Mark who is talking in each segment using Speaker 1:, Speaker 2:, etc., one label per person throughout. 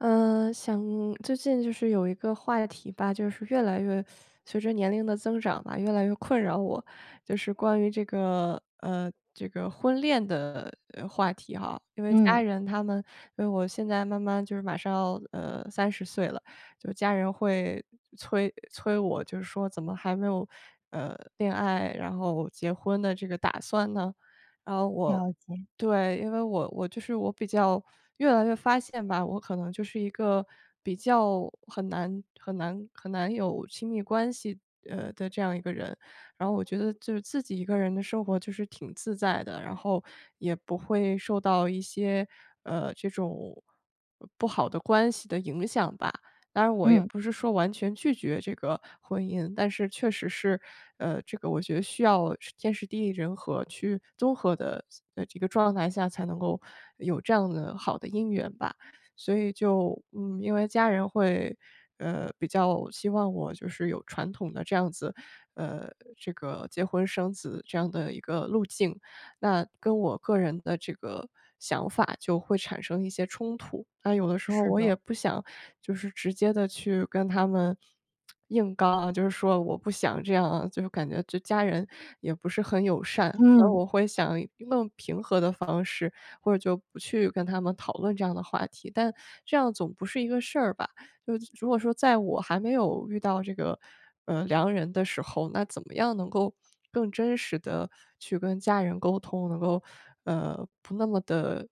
Speaker 1: 呃，想最近就是有一个话题吧，就是越来越 随着年龄的增长吧，越来越困扰我，就是关于这个呃，这个婚恋的话题哈。因为家
Speaker 2: 嗯。
Speaker 1: 人他们因为我现在慢慢就是马上要，呃，30岁了，就家人会催催我，就是说怎么还没有，呃，恋爱，然后结婚的这个打算呢？然后我
Speaker 2: 了解。
Speaker 1: 对，因为我我就是我比较越来越发现吧，我可能就是一个比较很难很难很难有亲密关系，呃，的这样一个人。然后我觉得就是自己一个人的生活就是挺自在的，然后也不会受到一些，呃，这种不好的关系的影响吧。当然我也
Speaker 2: 嗯。
Speaker 1: 不是说完全拒绝这个婚姻，但是确实是，呃，这个我觉得需要天时地利人和去综合的这个状态下，才能够有这样的好的姻缘吧。所以就嗯，因为家人会，呃，比较希望我就是有传统的这样子嗯，这个结婚生子这样的一个路径，那跟我个人的这个想法就会产生一些冲突。但有的时候
Speaker 2: 是
Speaker 1: 我也
Speaker 2: 的。
Speaker 1: 不想就是直接地去跟他们硬刚啊，就是说我不想这样啊，就是感觉就家人也不是很友善。那
Speaker 2: 嗯。
Speaker 1: 我会想用平和的方式，或者就不去跟他们讨论这样的话题，但这样总不是一个事儿吧。就是如果说在我还没有遇到这个，呃，良人的时候，那怎么样能够更真实地去跟家人沟通，能够，呃，不那么的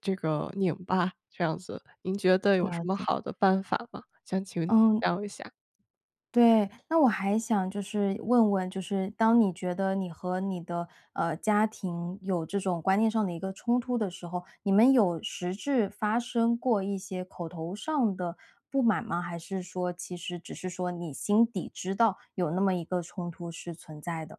Speaker 1: 这个拧巴这样子。您觉得有什
Speaker 2: 了
Speaker 1: 么
Speaker 2: 解。
Speaker 1: 好的办法吗？想请
Speaker 2: 嗯。
Speaker 1: 教一下。
Speaker 2: 对，那我还想就是问问，就是当你觉得你和你的，呃，家庭有这种观念上的一个冲突的时候，你们有实质发生过一些口头上的不满吗？还是说其实只是说你心底知道有那么一个冲突是存在的。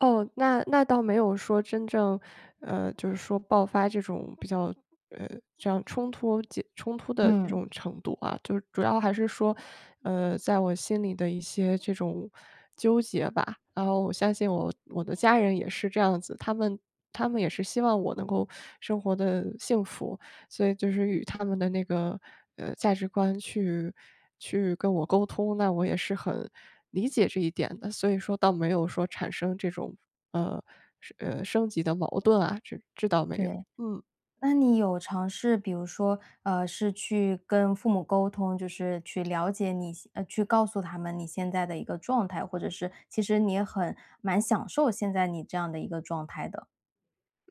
Speaker 1: 哦，那那倒没有说真正呃，就是说爆发这种，比较呃，这样冲突结冲突的这
Speaker 2: 嗯。
Speaker 1: 种程度啊，就主要还是说，呃，在我心里的一些这种纠结吧。然后我相信我我的家人也是这样子，他们他们也是希望我能够生活得幸福，所以就是与他们的那个，呃，价值观去去跟我沟通，那我也是很理解这一点的，所以说倒没有说产生这种，呃，升呃，升级的矛盾啊，这这倒没有。
Speaker 2: 对，
Speaker 1: 嗯。
Speaker 2: 那你有尝试，比如说呃，是去跟父母沟通，就是去了解你呃，去告诉他们你现在的一个状态。或者是其实你也很蛮享受现在你这样的一个状态的。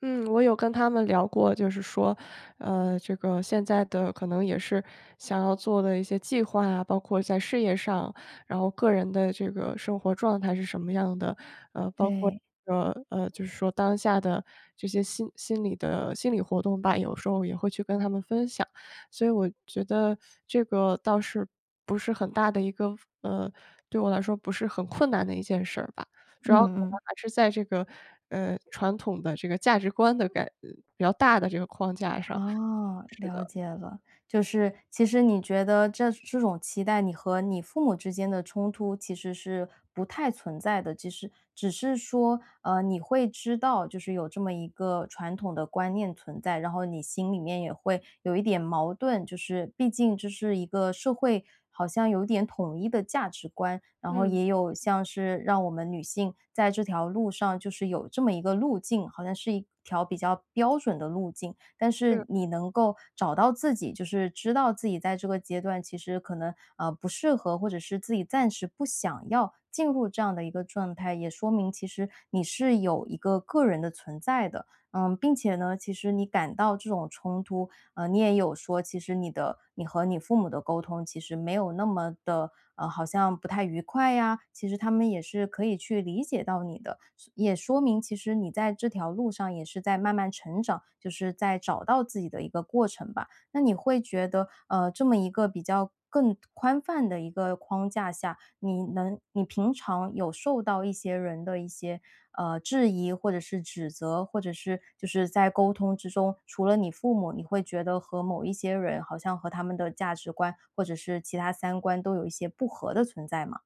Speaker 1: 嗯，我有跟他们聊过，就是说，呃，这个现在的可能也是想要做的一些计划啊，包括在事业上，然后个人的这个生活状态是什么样的，呃，包括
Speaker 2: 对。
Speaker 1: 呃，呃，就是说当下的这些心心理的心理活动吧，有时候也会去跟他们分享。所以我觉得这个倒是，不是很大的一个呃，对我来说不是很困难的一件事儿吧，主要可
Speaker 2: 嗯
Speaker 1: 能
Speaker 2: 嗯。
Speaker 1: 还是在这个，呃，传统的这个价值观的改呃，比较大的这个框架上。是
Speaker 2: 哦，了
Speaker 1: 的。
Speaker 2: 解了，就是其实你觉得这这种期待，你和你父母之间的冲突，其实是不太存在的，只是只是说，呃，你会知道，就是有这么一个传统的观念存在，然后你心里面也会有一点矛盾，就是毕竟这是一个社会，好像有点统一的价值观，然后
Speaker 1: 嗯。
Speaker 2: 也有像是让我们女性在这条路上，就是有这么一个路径，好像是一条比较标准的路径。但
Speaker 1: 是。
Speaker 2: 是你能够找到自己，就是知道自己在这个阶段，其实可能，呃，不适合，或者是自己暂时不想要，进入这样的一个状态，也说明其实你是有一个个人的存在的。嗯，并且呢，其实你感到这种冲突，呃，你也有说，其实你的你和你父母的沟通，其实没有那么的呃，好像不太愉快呀，其实他们也是可以去理解到你的。也说明其实你在这条路上，也是在慢慢成长，就是在找到自己的一个过程吧。那你会觉得，呃，这么一个比较更宽泛的一个框架下，你能你平常有受到一些人的一些，呃，质疑或者是指责，或者是就是在沟通之中，除了你父母，你会觉得和某一些人，好像和他们的价值观或者是其它三观，都有一些不合的存在吗？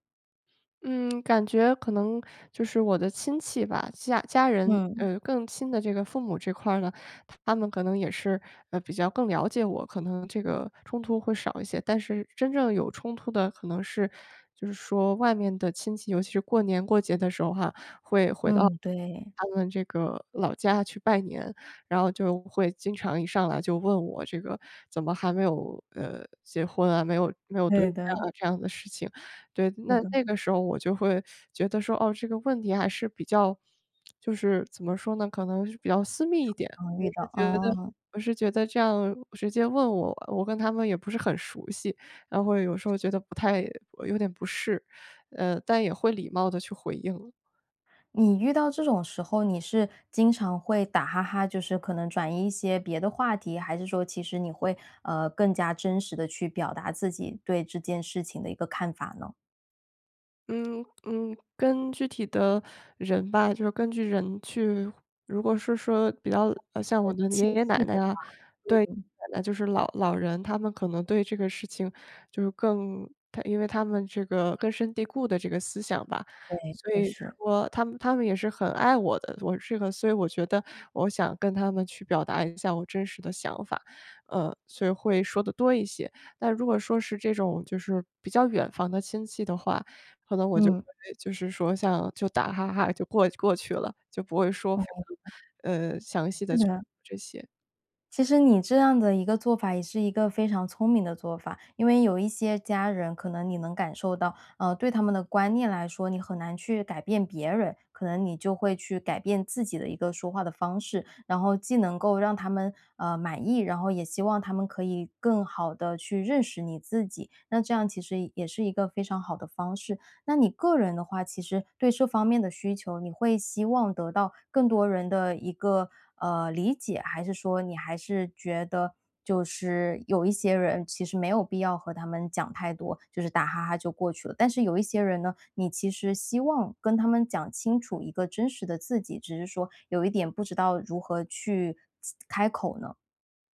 Speaker 1: 嗯，感觉可能就是我的亲戚吧，家家人，
Speaker 2: 嗯。
Speaker 1: 呃，更亲的这个父母这块儿呢，他们可能也是，呃，比较更了解我，可能这个冲突会少一些。但是真正有冲突的可能是就是说外面的亲戚。尤其是过、年过节的时候哈，会回
Speaker 2: 嗯，对。
Speaker 1: 到他们这个老家去拜年，然后就会经常一上来就问我这个“怎么还没有，呃，结婚啊，没有没有对
Speaker 2: 对的。
Speaker 1: 象啊”这样的事情。对，
Speaker 2: 是
Speaker 1: 那
Speaker 2: 的。
Speaker 1: 那个时候我就会觉得说，哦，这个问题还是比较 就是怎么说呢，可能是比较私
Speaker 2: 呃，
Speaker 1: 密一点。
Speaker 2: 常
Speaker 1: 我
Speaker 2: 遇到，
Speaker 1: 是觉得
Speaker 2: 啊。
Speaker 1: 我是觉得这样直接问我，我跟他们也不是很熟悉，然后会有时候觉得不太有点不适，呃，但也会礼貌地去回应。
Speaker 2: 你遇到这种时候，你是经常会打哈哈，就是可能转移一些别的话题，还是说其实你会，呃，更加真实地去表达自己对这件事情的一个看法呢？
Speaker 1: 嗯，嗯。跟具体的人吧就是根据人去如果是说比较呃，像我
Speaker 2: 呃，
Speaker 1: 的
Speaker 2: 亲
Speaker 1: 爷爷、奶
Speaker 2: 戚的
Speaker 1: 奶
Speaker 2: 话。
Speaker 1: 啊对，
Speaker 2: 嗯。
Speaker 1: 奶奶就是老老人他们可能对这个事情就是更他因为他们这个根深蒂固的这个思想吧。
Speaker 2: 对，
Speaker 1: 所
Speaker 2: 就
Speaker 1: 以
Speaker 2: 是。
Speaker 1: 说他们他们也是很爱我的，我这个所以我觉得我想跟他们去表达一下我真实的想法，呃，所以会说得多一些。但如果说是这种就是比较远房的亲戚的话，可能我就
Speaker 2: 嗯。
Speaker 1: 会就是说像就打哈哈就过过去了，就不会说，
Speaker 2: 哦，
Speaker 1: 非
Speaker 2: 哦
Speaker 1: 常，呃，详细
Speaker 2: 是
Speaker 1: 地去说
Speaker 2: 的。
Speaker 1: 这些。
Speaker 2: 其实你这样的一个做法，也是一个非常聪明的做法。因为有一些家人，可能你能感受到，呃，对他们的观念来说，你很难去改变别人，可能你就会去改变自己的一个说话的方式。然后既能够让他们，呃，满意，然后也希望他们可以更好地去认识你自己。那这样其实也是一个非常好的方式。那你个人的话，其实对这方面的需求，你会希望得到更多人的一个，呃，理解，还是说，你还是觉得就是有一些人，其实没有必要和他们讲太多，就是打哈哈就过去了。但是有一些人呢，你其实希望跟他们讲清楚一个真实的自己，只是说有一点不知道如何去其开口呢？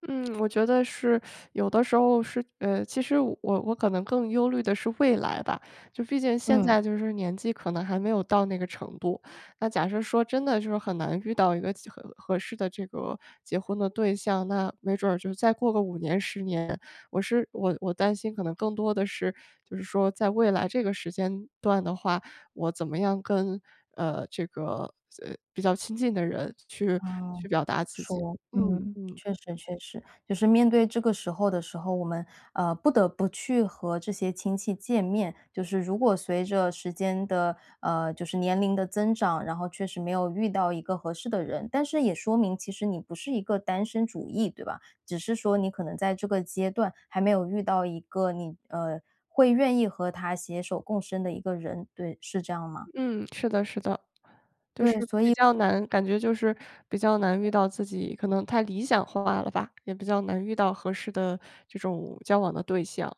Speaker 1: 嗯，我觉得是有的时候是呃，其实我我可能更忧虑的是未来吧，就毕竟现
Speaker 2: 嗯。
Speaker 1: 在，就是年纪可能还没有到那个程度。那假设说，真的就说很难遇到一个其合合适的这个结婚的对象，那没准儿就再过个5年、10年，我是我我担心可能更多的是，就是说在未来这个时间段的话，我怎么样跟，呃，这个，呃，比较亲近的人去
Speaker 2: 嗯，
Speaker 1: 去表达自己？
Speaker 2: 说，
Speaker 1: 嗯
Speaker 2: 嗯，
Speaker 1: 嗯。
Speaker 2: 确实确实。就是面对这个时候的时候，我们，呃，不得不去和这些亲戚见面，就是如果随着时间的呃，就是年龄的增长，然后确实没有遇到一个合适的人，但是也说明，其实你不是一个单身主义，对吧？只是说你可能在这个阶段，还没有遇到一个你呃，会愿意和他携手共生的一个人，对。是这样吗？
Speaker 1: 嗯，是的是的。就
Speaker 2: 对，
Speaker 1: 是
Speaker 2: 所
Speaker 1: 比
Speaker 2: 以
Speaker 1: 较难，感觉就是比较难遇到，自己可能太理想化了吧，也比较难遇到合适的这种交往的对象。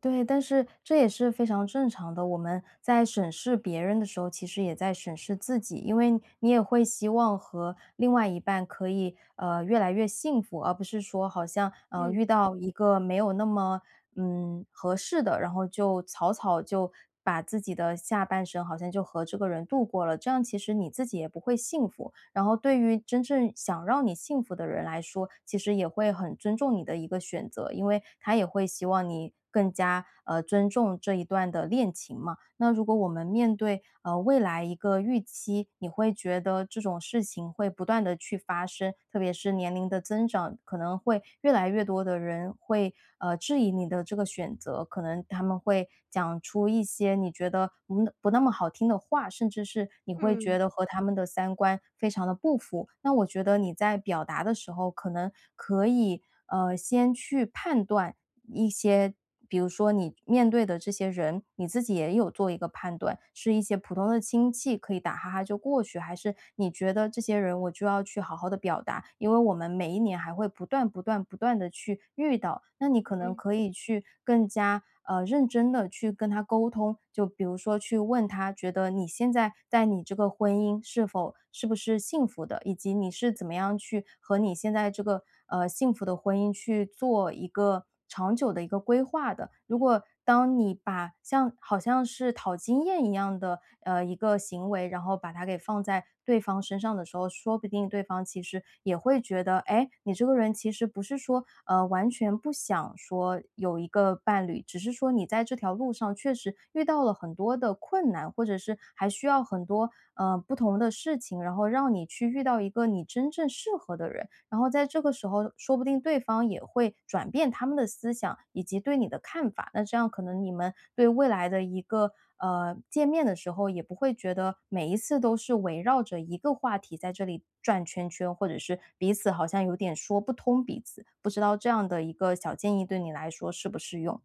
Speaker 2: 对，但是这也是非常正常的。我们在审视别人的时候，其实也在审视自己，因为你也会希望和另外一半可以，呃，越来越幸福，而不是说好像，呃，
Speaker 1: 嗯。
Speaker 2: 遇到一个没有那么，嗯，合适的，然后就草草就把自己的下半生，好像就和这个人度过了，这样其实你自己也不会幸福。然后对于真正想让你幸福的人来说，其实也会很尊重你的一个选择，因为他也会希望你更加，呃，尊重这一段的恋情嘛。那如果我们面对，呃，未来一个预期，你会觉得这种事情会不断地去发生，特别是年龄的增长，可能会越来越多的人会，呃，质疑你的这个选择，可能他们会讲出一些你觉得，嗯，不那么好听的话，甚至是你会
Speaker 1: 嗯。
Speaker 2: 觉得和他们的三观非常地不符。那我觉得你在表达的时候，可能可以，呃，先去判断一些比如说你面对的这些人，你自己也有做一个判断，是一些普通的亲戚，可以打哈哈就过去，还是你觉得这些人，我就要去好好地表达，因为我们每一年，还会不断不断不断地去遇到。那你可能
Speaker 1: 嗯。
Speaker 2: 可以去更加，呃，认真地去跟他沟通。就比如说，去问他，觉得你现在在你这个婚姻，是否是不是幸福的，以及你是怎么样去和你现在这个，呃，幸福的婚姻，去做一个长久的一个规划的。如果当你把像好像是讨经验一样的，呃，一个行为，然后把它给放在对方身上的时候，说不定对方其实也会觉得，诶，你这个人其实不是说，呃，完全不想说有一个伴侣，只是说你在这条路上，确实遇到了很多的困难，或者是还需要很多，呃，不同的事情，然后让你去遇到一个你真正适合的人。然后在这个时候，说不定对方也会转变他们的思想，以及对你的看法，那这样可能你们对未来的一个呃，见面的时候，也不会觉得，每一次都是围绕着一个话题，在这里转圈圈，或者是彼此好像有点说不通彼此。不知道这样的一个小建议，对你来说适不适用？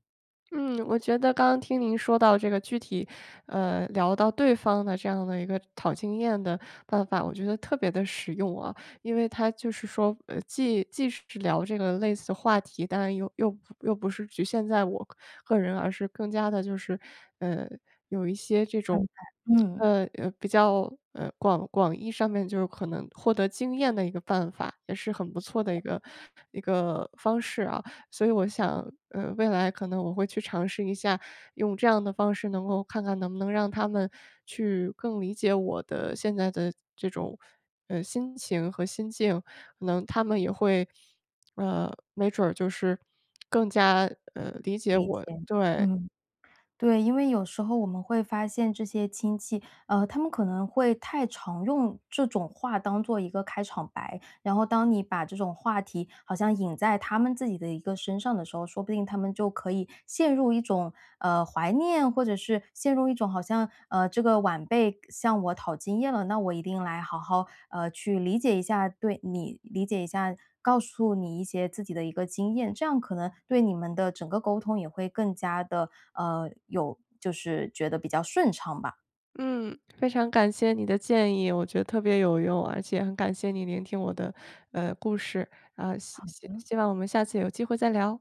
Speaker 1: 嗯，我觉得刚刚听您说到这个具体，呃，聊到对方的这样的一个讨经验的办法。我觉得特别的实用啊，因为他就是说，呃，既既是是聊这个类似话题，当然又又又不是局限在我个人，而是更加的就是，呃，有一些这
Speaker 2: 安
Speaker 1: 种
Speaker 2: 排。嗯。
Speaker 1: 呃，比较，呃，广广义上面就可能获得经验的一个办法，也是很不错的一
Speaker 2: [unintelligible]
Speaker 1: 个一个方式啊。所以我想，呃，未来可能我会去尝试一下用这样的方式，能够看看能不能让他们去更理解我的现在的这种，呃，心情和心境，可能他们也会呃，没准儿就是更加，呃，理解
Speaker 2: 理解，
Speaker 1: 我。对。
Speaker 2: 嗯，对，因为有时候我们会发现这些亲戚，呃，他们可能会太常用这种话当作一个开场白，然后当你把这种话题好像引在他们自己的一个身上的时候，说不定他们就可以陷入一种，呃，怀念或者是，陷入一种好像呃，这个晚辈向我讨经验了，那我一定来好好，呃，去理解一下。对，你理解一下，告诉你一些自己的一个经验，这样可能对你们的整个沟通也会更加的，呃，有就是觉得比较顺畅吧。
Speaker 1: 嗯，非常感谢你的建议。我觉得特别有用，而且很感谢你聆听我的，呃，故事，呃，希
Speaker 2: 好
Speaker 1: 希
Speaker 2: 的。
Speaker 1: 希望我们下次有机会再聊。